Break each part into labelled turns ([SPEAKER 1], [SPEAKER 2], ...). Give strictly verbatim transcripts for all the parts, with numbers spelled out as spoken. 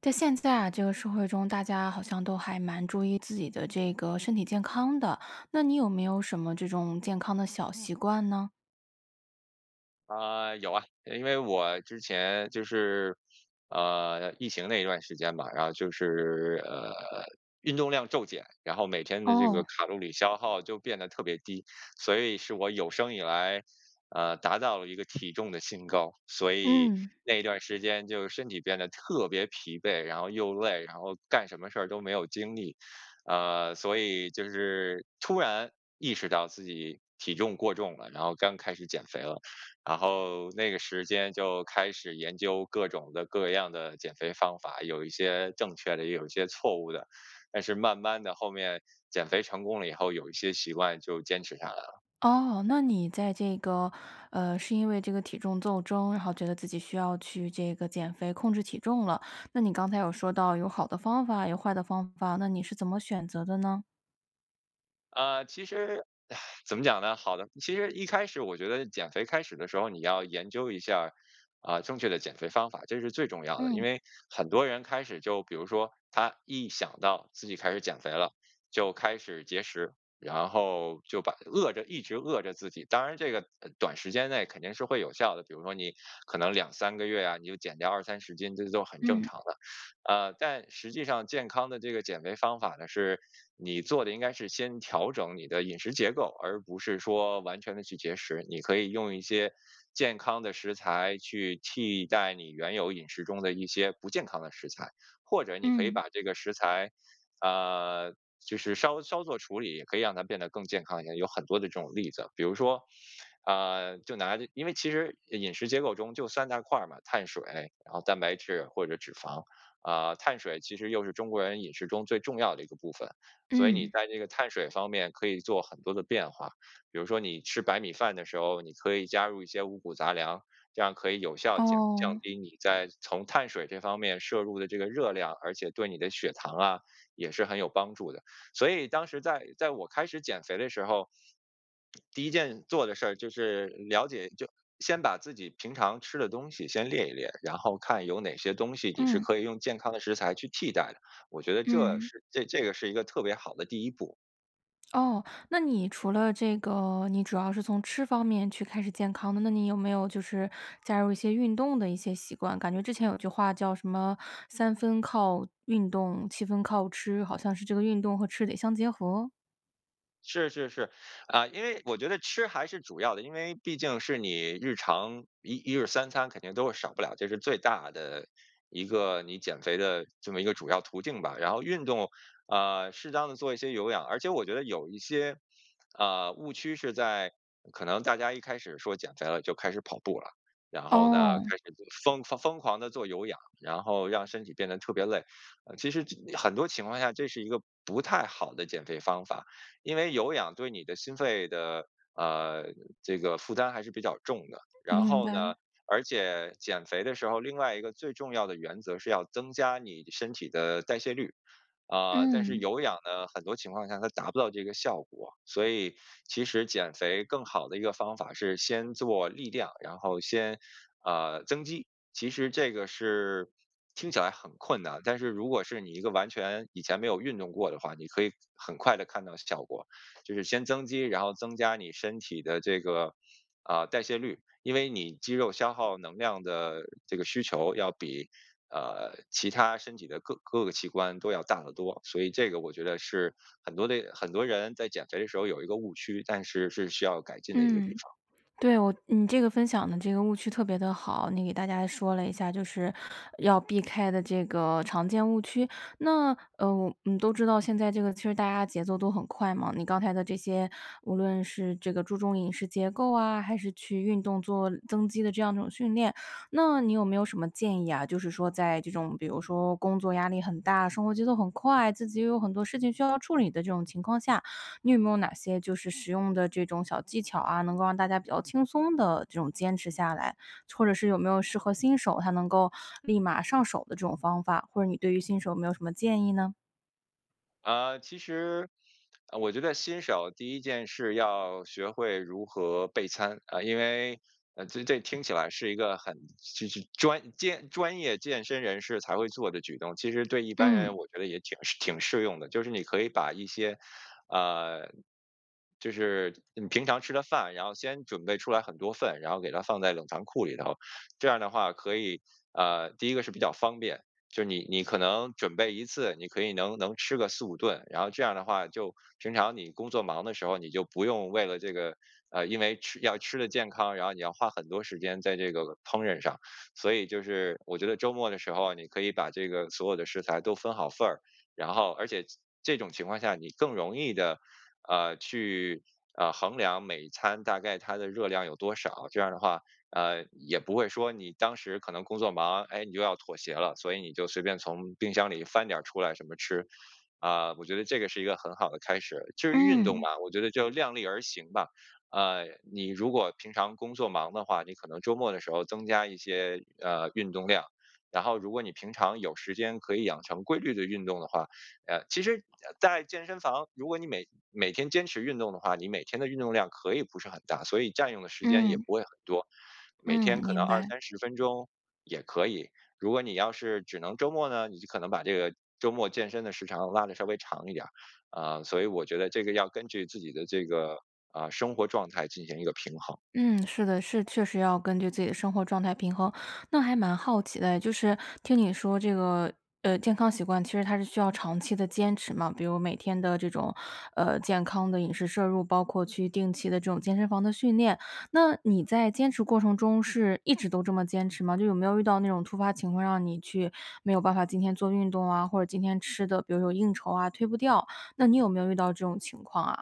[SPEAKER 1] 在现在啊这个社会中大家好像都还蛮注意自己的这个身体健康的，那你有没有什么这种健康的小习惯呢？
[SPEAKER 2] 啊，有啊。因为我之前就是呃，疫情那段时间吧，然后就是，呃，运动量骤减。然后每天的这个
[SPEAKER 1] 哦。
[SPEAKER 2] 卡路里消耗就变得特别低，所以是我有生以来，呃，达到了一个体重的新高。所以
[SPEAKER 1] 嗯。
[SPEAKER 2] 那段时间就身体变得特别疲惫，然后又累，然后干什么事都没有精力。啊，所以就是突然意识到自己体重过重了，然后刚开始减肥了。然后那个时间就开始研究各种的各样的减肥方法，有一些正确的，也有一些错误的。但是慢慢地后面减肥成功了以后，有一些习惯就坚持下来了。
[SPEAKER 1] 哦，那你在这个，呃，是因为这个体重斗争，然后觉得自己需要去这个减肥，控制体重了。那你刚才有说到有好的方法，有坏的方法，那你是怎么选择的呢？
[SPEAKER 2] 啊，其实 怎么讲呢？好的。其实一开始我觉得减肥开始的时候，你要研究一下，啊，正确的减肥方法，这是最重要的，因
[SPEAKER 1] 嗯。
[SPEAKER 2] 为很多人开始就比如说他一想到自己开始减肥了，就开始节食，然后就把饿着，一直饿着自己。当然这个短时间内肯定是会有效的，比如说你可能两三个月啊，你就减掉二三十斤，这都很正
[SPEAKER 1] 嗯。
[SPEAKER 2] 常的。呃，但实际上健康的这个减肥方法呢，是你做的应该是先调整你的饮食结构，而不是说完全地去节食，你可以用一些健康的食材去替代你原有饮食中的一些不健康的食材，或者你可以
[SPEAKER 1] 嗯。
[SPEAKER 2] 把这个食材，呃，就是稍稍做处理，可以让它变得更健康一些，有很多的这种例子。比如说，呃，就拿着因为其实饮食结构中就三大块儿嘛，碳水，然后蛋白质或者脂肪，啊，碳水其实又是中国人饮食中最重要的一个部分，所以你
[SPEAKER 1] 嗯。
[SPEAKER 2] 在这个碳水方面可以做很多的变化，比如说你吃白米饭的时候，你可以加入一些五谷杂粮。这样可以有效减降
[SPEAKER 1] 哦。
[SPEAKER 2] 低你在从碳水这方面摄入的这个热量，而且对你的血糖啊也是很有帮助的，所以当时在在我开始减肥的时候第一件做的事儿就是了解就先把自己平常吃的东西先列一列，然后看有哪些东西你是
[SPEAKER 1] 嗯。
[SPEAKER 2] 可以用健康的食材去替代的，我觉得这
[SPEAKER 1] 嗯。
[SPEAKER 2] 是这这个是一个特别好的第一步。
[SPEAKER 1] 哦，那你除了这个你主要是从吃方面去开始健康的，那你有没有就是加入一些运动的一些习惯？感觉之前有句话叫什么“三分靠运动，七分靠吃”，好像是这个运动和吃得相结合。
[SPEAKER 2] 是是是。啊，因为我觉得吃还是主要的，因为毕竟是你日常一一日三餐肯定都是少不了，这是最大的一个你减肥的这么一个主要途径吧。然后运动，呃，适当地做一些有氧而且我觉得有一些，呃，误区是在可能大家一开始说减肥了就开始跑步了，然后呢，
[SPEAKER 1] 哦。
[SPEAKER 2] 开始就是疯疯疯狂地做有氧，然后让身体变得特别累。呃，其实很多情况下这是一个不太好的减肥方法，因为有氧对你的心肺的，呃，这个负担还是比较重的。然
[SPEAKER 1] 明
[SPEAKER 2] 后呢，
[SPEAKER 1] 白。
[SPEAKER 2] 而且减肥的时候，另外一个最重要的原则是要增加你身体的代谢率。呃，但是
[SPEAKER 1] 嗯。
[SPEAKER 2] 有氧呢，很多情况下它达不到这个效果。所以其实减肥更好的一个方法是先做力量，然后先，呃，增肌。其实这个是听起来很困难，但是如果是你一个完全以前没有运动过的话，你可以很快地看到效果。就是先增肌，然后增加你身体的这个，呃，代谢率。因为你肌肉消耗能量的这个需求要比，呃，其他身体的各各个器官都要大得多。所以这个我觉得是很多的很多人在减肥的时候有一个误区，但是是需要改进的一个地
[SPEAKER 1] 嗯。
[SPEAKER 2] 方。
[SPEAKER 1] 对，我你这个分享的这个误区特别地好，你给大家说了一下，就是要避开的这个常见误区。那呃，嗯，都知道现在这个其实大家节奏都很快嘛，你刚才的这些无论是这个注重饮食结构啊，还是去运动，做增肌的这样一种训练，那你有没有什么建议啊？就是说在这种比如说工作压力很大，生活节奏很快，自己也有很多事情需要处理的这种情况下，你有没有哪些就是实用的这种小技巧啊，能够让大家比较轻松地这种坚持下来？或者是有没有适合新手，他能够立马上手的这种方法？或者你对于新手有没有什么建议呢？
[SPEAKER 2] 啊，其实啊我觉得新手第一件事要学会如何备餐，啊，因为啊这这听起来是一个很就就是专健专业健身人士才会做的举动，其实对一般
[SPEAKER 1] 嗯。
[SPEAKER 2] 人我觉得也挺挺适用的，就是你可以把一些，啊，就是你平常吃的饭，然后先准备出来很多份，然后给它放在冷藏库里头。这样的话可以，呃，第一个是比较方便，就是你你可能准备一次，你可以能能吃个四五顿，然后这样的话就平常你工作忙的时候，你就不用为了这个，呃，因为吃要吃得健康，然后你要花很多时间在这个烹饪上。所以就是我觉得周末的时候啊，你可以把这个所有的食材都分好份儿，然后而且其这种情况下你更容易地，呃，去啊，衡量每一餐大概它的热量有多少，这样儿的话，呃，也不会说你当时可能工作忙，哎，你又要妥协了，所以你就随便从冰箱里翻点出来什么吃。啊，我觉得这个是一个很好的开始。至于运动
[SPEAKER 1] 嗯。
[SPEAKER 2] 嘛，我觉得就量力而行吧，啊，你如果平常工作忙的话，你可能周末的时候增加一些，呃，运动量，然后如果你平常有时间可以养成规律地运动的话，呃，其实在健身房，如果你每每天坚持运动的话，你每天的运动量可以不是很大，所以占用的时间也
[SPEAKER 1] 嗯。
[SPEAKER 2] 不会很多，每天
[SPEAKER 1] 嗯，
[SPEAKER 2] 可能
[SPEAKER 1] 明
[SPEAKER 2] 二
[SPEAKER 1] 白。
[SPEAKER 2] 三十分钟也可以，如果你要是只能周末呢，你就可能把这个周末健身的时长拉得稍微长一点儿。啊，所以我觉得这个要根据自己的这个，啊，生活状态进行一个平衡。
[SPEAKER 1] 嗯，是的，是，确实要根据自己的生活状态平衡，那还蛮好奇的哎，就是听你说这个，呃，健康习惯，其实它是需要长期的坚持嘛，比如每天的这种，呃，健康的饮食摄入，包括去定期的这种健身房的训练。那你在坚持过程中是一直都这么坚持吗？就有没有遇到那种突发情况让你去没有办法今天做运动啊，或者今天吃的比如说有应酬啊推不掉，那你有没有遇到这种情况啊？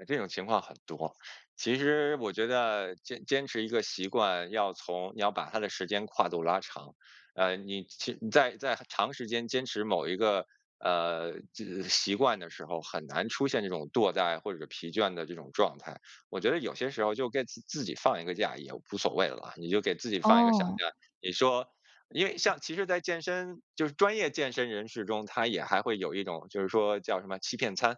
[SPEAKER 2] 哎，这种情况很多。其实我觉得坚坚持一个习惯，要从你要把它的时间跨度拉长。呃，你其你在在长时间坚持某一个，呃，这这习惯的时候，很难出现这种惰怠或者疲倦的这种状态。我觉得有些时候就该给自自己放一个假也无所谓了，你就给自己放一个小假，
[SPEAKER 1] 哦。
[SPEAKER 2] 你说因为像其实在健身就是专业健身人士中，他也还会有一种就是说叫什么欺骗餐，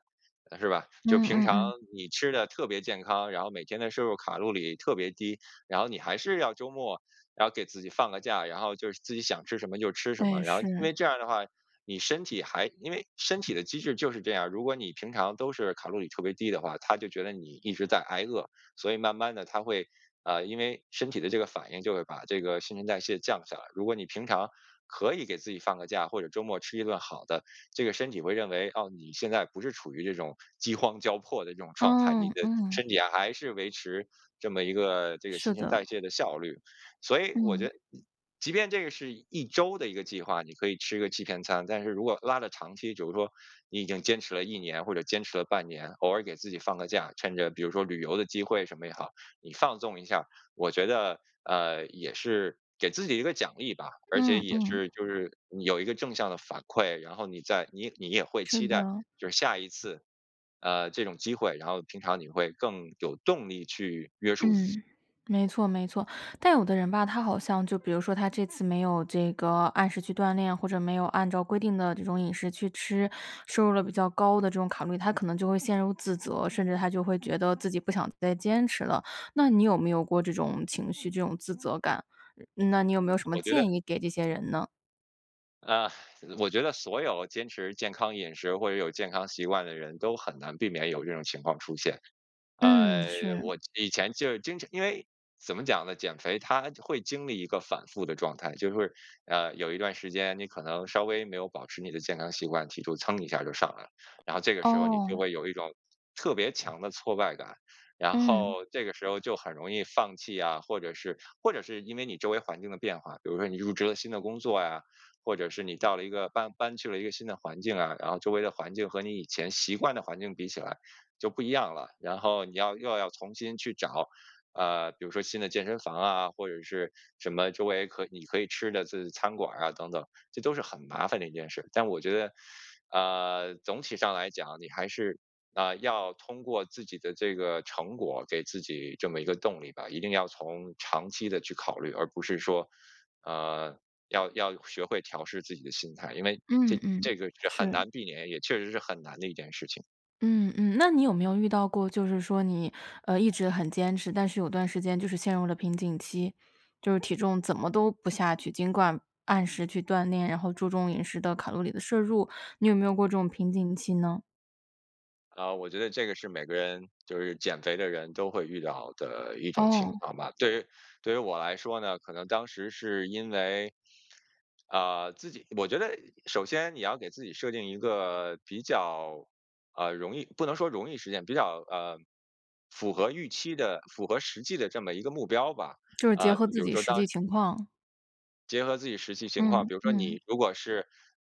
[SPEAKER 2] 呃是吧？就
[SPEAKER 1] 嗯，
[SPEAKER 2] 平
[SPEAKER 1] 嗯，
[SPEAKER 2] 常
[SPEAKER 1] 嗯。
[SPEAKER 2] 你吃得特别健康，然后每天的摄入卡路里特别低，然后你还是要周末要给自己放个假，然后就是自己想吃什么就吃什么。
[SPEAKER 1] 哎，
[SPEAKER 2] 然后因
[SPEAKER 1] 是。
[SPEAKER 2] 为这样的话，你身体还因为身体的机制就是这样，如果你平常都是卡路里特别低的话，它就觉得你一直在挨饿，所以慢慢地它会，呃，因为身体的这个反应就会把这个新陈代谢降下来。如果你平常可以给自己放个假，或者周末吃一顿好的，这个身体会认为，哦，你现在不是处于这种饥荒交迫的这种状态，你
[SPEAKER 1] 嗯，
[SPEAKER 2] 的
[SPEAKER 1] 嗯。
[SPEAKER 2] 身体还是维持这么一个这个
[SPEAKER 1] 是
[SPEAKER 2] 新陈
[SPEAKER 1] 的。
[SPEAKER 2] 代谢的效率。所以我觉
[SPEAKER 1] 嗯。
[SPEAKER 2] 得一即便这个是一周的一个计划，你可以吃个七天餐，但是如果拉的长期，比如说你已经坚持了一年，或者坚持了半年，偶尔给自己放个假，趁着比如说旅游的机会什么也好，你放纵一下，我觉得，呃，也是给自己一个奖励吧。而且
[SPEAKER 1] 嗯，
[SPEAKER 2] 也
[SPEAKER 1] 嗯。
[SPEAKER 2] 是就是有一个正向的反馈，然后你在你你也会
[SPEAKER 1] 是
[SPEAKER 2] 期待
[SPEAKER 1] 的。
[SPEAKER 2] 就是下一次，呃，这种机会，然后平常你会更有动力去约束自己。
[SPEAKER 1] 嗯，没错，没错。但有的人吧，他好像就比如说他这次没有这个按时去锻炼，或者没有按照规定的这种饮食去吃，摄入了比较高的这种卡路里，他可能就会陷入自责，甚至他就会觉得自己不想再坚持了。那你有没有过这种情绪，这种自责感，嗯那你有没有什么
[SPEAKER 2] 我觉得
[SPEAKER 1] 建议给这些人呢？
[SPEAKER 2] 呃，我觉得所有坚持健康饮食，或者有健康习惯的人都很难避免有这种情况出现。
[SPEAKER 1] 嗯，
[SPEAKER 2] 呃，
[SPEAKER 1] 是。
[SPEAKER 2] 我以前就经常因为怎么讲呢？减肥它会经历一个反复的状态。就是会呃，有一段时间你可能稍微没有保持你的健康习惯，体重蹭一下就上来了。然后这个时候你就
[SPEAKER 1] 哦。
[SPEAKER 2] 会有一种特别强的挫败感，然
[SPEAKER 1] 嗯。
[SPEAKER 2] 后这个时候，就很容易放弃啊，或者是或者是因为你周围环境的变化。比如说你入职了新的工作呀，或者是你到了一个搬搬去了一个新的环境啊，然后周围的环境和你以前习惯的环境比起来就不一样了，然后你要又要重新去找，啊，比如说新的健身房啊，或者是什么周围可你可以吃的是餐馆儿啊等等，这都是很麻烦的一件事。但我觉得，呃，总体上来讲，你还是，呃，要通过自己的这个成果给自己这么一个动力吧，一定要从长期地去考虑，而不是说，呃，要要学会调试自己的心态，因为
[SPEAKER 1] 嗯
[SPEAKER 2] 这
[SPEAKER 1] 嗯，
[SPEAKER 2] 这个是很
[SPEAKER 1] 是。
[SPEAKER 2] 难避免，也确实是很难的一件事情。
[SPEAKER 1] 嗯，嗯，那你有没有遇到过，就是说你，呃，一直很坚持，但是有段时间就是陷入了瓶颈期，就是体重怎么都不下去，尽管按时去锻炼，然后注重饮食的卡路里的摄入，你有没有过这种瓶颈期呢？
[SPEAKER 2] 啊，我觉得这个是每个人就是减肥的人都会遇到的一种情
[SPEAKER 1] 哦。
[SPEAKER 2] 况吧。对于对于我来说呢，可能当时是因为，啊，自己我觉得首先你要给自己设定一个比较，啊，容易不能说容易实现，比较，啊，符合预期的，符合实际的这么一个目标吧，
[SPEAKER 1] 就是结
[SPEAKER 2] 啊，
[SPEAKER 1] 合
[SPEAKER 2] 就比
[SPEAKER 1] 自
[SPEAKER 2] 如
[SPEAKER 1] 己
[SPEAKER 2] 说
[SPEAKER 1] 实
[SPEAKER 2] 当
[SPEAKER 1] 际情况。
[SPEAKER 2] 结合自己实际情况，
[SPEAKER 1] 嗯，
[SPEAKER 2] 比如说
[SPEAKER 1] 嗯。
[SPEAKER 2] 你如果是，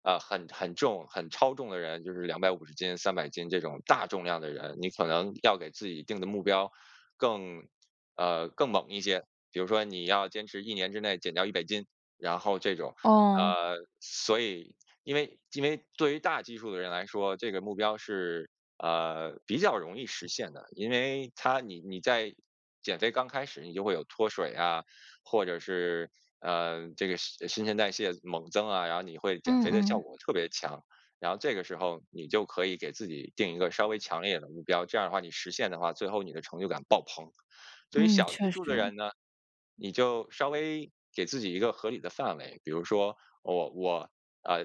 [SPEAKER 2] 啊，很很重很超重的人，就是两百五十斤、三百斤这种大重量的人，你可能要给自己定的目标更啊，更猛一些。比如说你要坚持一年之内减掉一百斤，然后这种。
[SPEAKER 1] 哦。
[SPEAKER 2] 呃，所以，因为因为对于大基数的人来说，这个目标是，啊，比较容易实现的，因为他你你在减肥刚开始你就会有脱水呀，或者是，啊，这个新陈代谢猛增啊，然后你会减
[SPEAKER 1] 嗯
[SPEAKER 2] 肥的效
[SPEAKER 1] 嗯。
[SPEAKER 2] 果特别强，然后这个时候你就可以给自己定一个稍微强烈的目标，这样的话你实现的话，最后你的成就感爆棚。对于
[SPEAKER 1] 嗯，
[SPEAKER 2] 小
[SPEAKER 1] 确
[SPEAKER 2] 基数的
[SPEAKER 1] 实。
[SPEAKER 2] 人呢，你就稍微给自己一个合理的范围，比如说我我啊，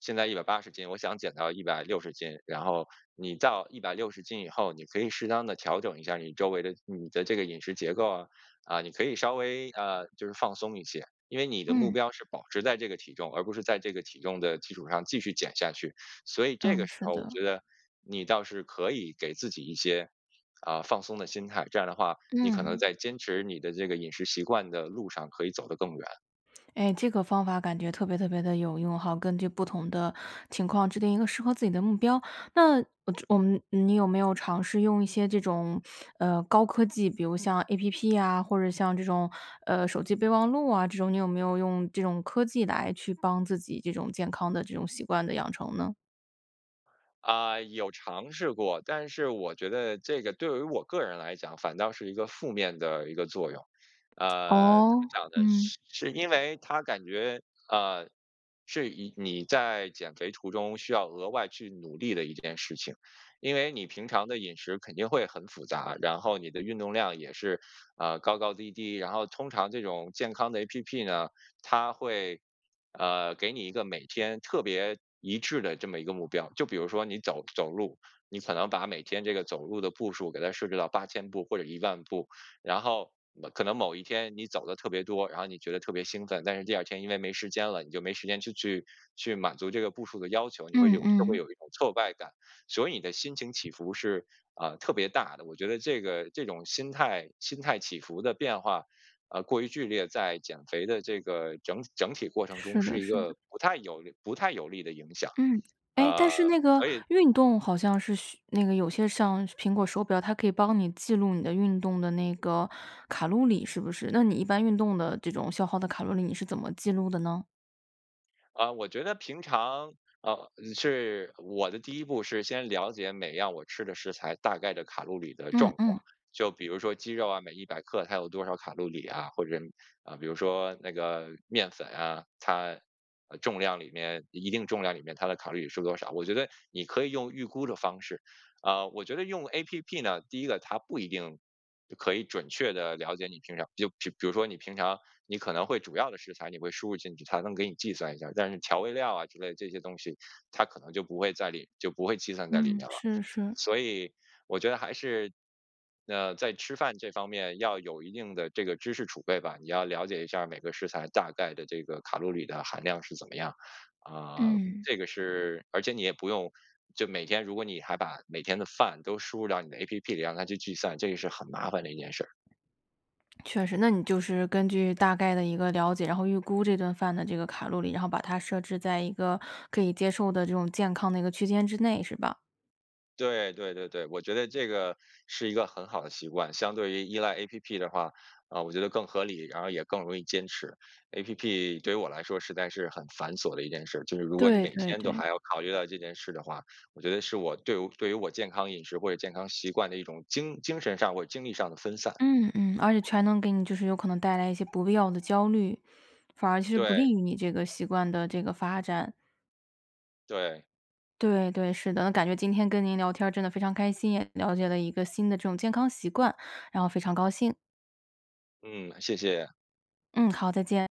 [SPEAKER 2] 现在一百八十斤，我想减到一百六十斤，然后你到一百六十斤以后，你可以适当地调整一下你周围的你的这个饮食结构啊，啊，你可以稍微，呃，就是放松一些，因为你的目
[SPEAKER 1] 嗯。
[SPEAKER 2] 标是保持在这个体重，而不是在这个体重的基础上继续减下去。所以这
[SPEAKER 1] 嗯，
[SPEAKER 2] 个时
[SPEAKER 1] 是
[SPEAKER 2] 候我
[SPEAKER 1] 的。
[SPEAKER 2] 觉得你倒是可以给自己一些，啊，放松的心态，这样的话你可能
[SPEAKER 1] 嗯。
[SPEAKER 2] 在坚持你的这个饮食习惯的路上可以走得更远。
[SPEAKER 1] 诶，这个方法感觉特别特别地有用哈，根据不同的情况制定一个适合自己的目标。那我我们你有没有尝试用一些这种，呃，高科技，比如像 App 啊，或者像这种，呃，手机备忘录啊这种？你有没有用这种科技来去帮自己这种健康的这种习惯的养成呢？
[SPEAKER 2] 啊，有尝试过。但是我觉得这个对于我个人来讲反倒是一个负面的一个作用。呃，怎么
[SPEAKER 1] 哦？
[SPEAKER 2] 讲呢？
[SPEAKER 1] 嗯。
[SPEAKER 2] 是是因为它感觉，啊，是你你在减肥途中需要额外去努力的一件事情。因为你平常的饮食肯定会很复杂，然后你的运动量也是，啊，高高低低，然后通常这种健康的 App 呢，它会，呃，给你一个每天特别一致的这么一个目标。就比如说你走走路，你可能把每天这个走路的步数给它设置到八千步或者一万步。然后可能某一天你走地特别多，然后你觉得特别兴奋。但是第二天因为没时间了，你就没时间去去去满足这个步数的要求。你会
[SPEAKER 1] 嗯
[SPEAKER 2] 有就会
[SPEAKER 1] 嗯。
[SPEAKER 2] 有一种挫败感，所以你的心情起伏是，呃，特别大的。我觉得这个这种心态心态起伏的变化，呃，过于剧烈，在减肥的这个整整体过程中
[SPEAKER 1] 是的
[SPEAKER 2] 是一
[SPEAKER 1] 是的。
[SPEAKER 2] 个不太有不太有利的影响。
[SPEAKER 1] 嗯，诶，但
[SPEAKER 2] 啊，
[SPEAKER 1] 是那个
[SPEAKER 2] 所以
[SPEAKER 1] 运动好像是需那个有些像苹果手表，它可以帮你记录你的运动的那个卡路里，是不是？那你一般运动的这种消耗的卡路里，你是怎么记录的呢？
[SPEAKER 2] 啊，我觉得平常，呃是我的第一步是先了解每样我吃的食材大概的卡路里的
[SPEAKER 1] 嗯
[SPEAKER 2] 状
[SPEAKER 1] 嗯。
[SPEAKER 2] 况。就比如说鸡肉啊，每一百克它有多少卡路里啊，或者，呃，比如说那个面粉啊，它重量里面一定重量里面它的卡路里是多少。我觉得你可以用预估的方式，呃我觉得用 App 呢，第一个它不一定可以准确地了解你平常就就比如说你平常你可能会主要的食材，你会输入进去，它能给你计算一下，但是调味料啊之类这些东西，它可能就不会在里就不会计算在里面
[SPEAKER 1] 嗯，
[SPEAKER 2] 了。
[SPEAKER 1] 是是。
[SPEAKER 2] 所以我觉得还是那在吃饭这方面要有一定的这个知识储备吧，你要了解一下儿每个食材大概的这个卡路里的含量是怎么样，呃，
[SPEAKER 1] 嗯。
[SPEAKER 2] 这个是而且你也不用就每天如果你还把每天的饭都输入到你的 App 里，让它去计算，这个是很麻烦的一件事儿。
[SPEAKER 1] 确实，那你就是根据大概的一个了解，然后预估这顿饭的这个卡路里，然后把它设置在一个可以接受的这种健康的一个区间之内，是吧？
[SPEAKER 2] 对，对对对，我觉得这个是一个很好的习惯，相对于依赖 App 的话，呃，我觉得更合理一点儿，然后也更容易坚持。App 对于我来说实在是很繁琐的一件事，就是如果你
[SPEAKER 1] 对
[SPEAKER 2] 每
[SPEAKER 1] 对
[SPEAKER 2] 天都
[SPEAKER 1] 对。
[SPEAKER 2] 还要考虑到这件事的话，我觉得是我对对于我健康饮食或者健康习惯的一种精精神上或精力上的分散。
[SPEAKER 1] 嗯嗯，而且全能给你就是有可能带来一些不必要的焦虑，反而是不利
[SPEAKER 2] 对。
[SPEAKER 1] 于你这个习惯的这个发展。
[SPEAKER 2] 对。
[SPEAKER 1] 对对，是的，那感觉今天跟您聊天儿真的非常开心，也了解了一个新的这种健康习惯，然后非常高兴。
[SPEAKER 2] 嗯，谢谢。
[SPEAKER 1] 嗯，好，再见。